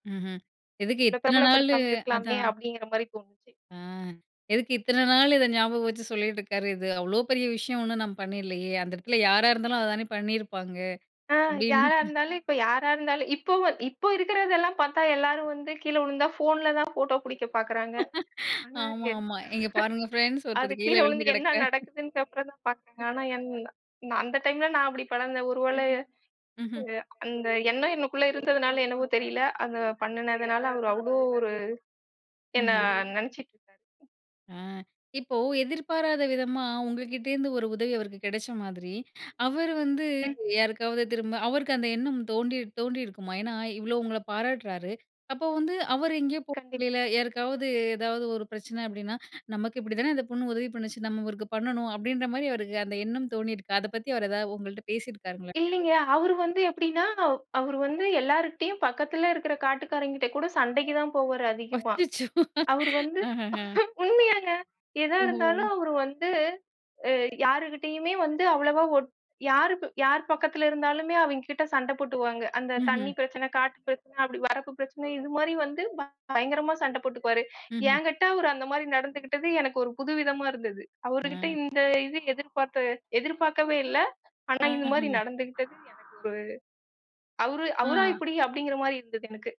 ம்ஹ்ம். எதுக்கு இத்தனை நாளு, பிரபலப்படுத்தாமல் இருக்கலாமே அதான். அப்படிங்கிற மாதிரி தோணுச்சு. ஆ, எதுக்கு இத்தனை நாளு இதை ஞாபகம் வச்சு சொல்லிட்டு இருக்காரு, இது அவ்வளவு பெரிய விஷயம் ஒண்ணும் நான் பண்ணிரலையே. அந்த இடத்துல யாரா இருந்தாலும் அதைத்தானே பண்ணியிருப்பாங்க, அ அப்படின்னு. யாரா இருந்தாலும் இப்ப யாரா இருந்தாலும் இப்போ இப்போ இருக்கிறது எல்லாம் பார்த்தா எல்லாரும் வந்து கீழே விழுந்தா ஃபோன்லதான் போட்டோ பிடிக்கப் பாக்குறாங்க. ஆனா, ஆமாமா. இங்க பாருங்க ஃபிரண்ட்ஸ் அது ஒருத்தர் கீழே கீழே விழுந்து விழுந்து என்ன கிடக்கிறார். நடக்குதுன்னு அப்புறம்தான் பாக்கறாங்க. ஆனா, என்ன அந்த டைம்ல நான் அப்டி கெடந்தேன். ஒருவேளை ம்ஹ்ம். அந்த எண்ணம் எனக்குள்ள இருந்ததுனால என்னவோ தெரியல அது பண்ணுனதுனால அவரு அவ்ளோ ஒரு என்ன ம்ஹ்ம். நினைச்சுட்டு இருக்காரு. ஆ, இப்போ எதிர்பாராத விதமா உங்ககிட்ட இருந்து ஒரு உதவி அவருக்கு கிடைச்ச மாதிரி, அவர் வந்து ம். யாருக்காவது திரும்ப, அவருக்கு அந்த எண்ணம் தோண்டி தோணியிருக்குமா, ஏன்னா, இவ்வளவு உங்கள பாராட்டுறாரு. அப்ப வந்து, அவர் எங்கேயோ போற கண்டிப் வழியில யாருக்காவது ஏதாவது ஒரு பிரச்சினை அப்படின்னா, நமக்கு இப்படித்தானே அந்தப் பொண்ணு உதவி பண்ணுச்சு. நம்ம இவருக்கு பண்ணனும், அப்படின்ற மாதிரி அவருக்கு அந்த எண்ணம் தோணியிருக்கா, அதைப்பத்தி அவர் ஏதாவது உங்ககிட்ட பேசியிருக்காரங்களா எங்கேயாவது? இல்லைங்க. அவரு வந்து எப்படின்னா, அவரு வந்து எல்லார்கிட்டயும் பக்கத்துல இருக்கிற காட்டுக்காரங்ககிட்ட கூட சண்டைக்கு தான் போவாரு அதிகமா. அச்சச்சோ! அவர் வந்து ஆஹஹ! உண்மையாங்க, எதா ஓஹோ. இருந்தாலும் அவர் வந்து அ யாருகிட்டயுமே வந்து அவ்வளவா ஓட் யார் யார் பக்கத்தில இருந்தாலுமே அவிங்கிட்ட சண்டை போட்டுக்குவாங்க. அந்தத் ம்ஹ்ம். தண்ணி பிரச்சனை, காட்டுப் பிரச்சனை அப்படி வரப்புப் பிரச்சனை இது மாதிரி வந்து பயங்கரமா சண்டை போட்டுக்குவாரு. ம்ஹ்ம். எங்கிட்ட அவர் அந்த மாதிரி நடந்துகிட்டது எனக்கு ஒரு புதுவிதமா இருந்தது. அவர்கிட்ட ஆ. இந்த இது எதிர்பார்த்த எதிர்பார்க்கவே இல்லை. ஆனா, இந்த மாதிரி ஆஹ. நடந்துகிட்டது எனக்கு ஒரு அவரு அவரா ஆ. இப்படி அப்படிங்கிற மாதிரி இருந்தது எனக்கு.